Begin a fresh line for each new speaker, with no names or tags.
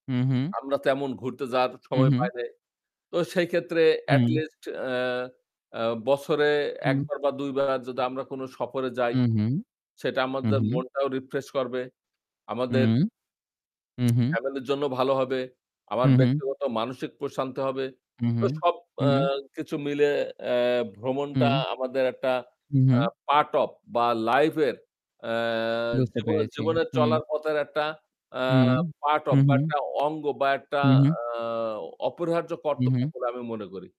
হু, হু।
আমরা তেমন ঘুরতে যাওয়ার
হু,
সময় পাই
হু।
নাই। তো সেই ক্ষেত্রে
হুম।
এটলিস্ট অ্যা আ বছরে ১
হুম
বার বা ২ বার যদি আমরা কোন সফরে যাই
হু, হু,
সেটা
হু,
আমাদের
হু।
মনটাও রিফ্রেশ করবে।
হু,
আমাদের
হু, হু।
ফ্যামিলির জন্য ভালো হবে।
হু,
আমার
হু।
ব্যক্তিগত মানসিক প্রশান্তি হবে।
হু,
তো
হু,
সব আ
হু।
কিছু মিলে অ্যা ভ্রমণটা
হুম।
আমাদের একটা
হু,
আ
হু।
পার্ট অফ বা লাইফ এর আ
বুঝতে
জীবনে
পেরেছি।
জীবনে
হুম।
চলার পথের একটা
হু,
অ্যা পার্ট
হু,
অফ বা
হু।
একটা অঙ্গ বা একটা
হু, হু।
আ অপরিহার্য
হু,
কর্তব্য
হু।
বলে আমি মনে করি।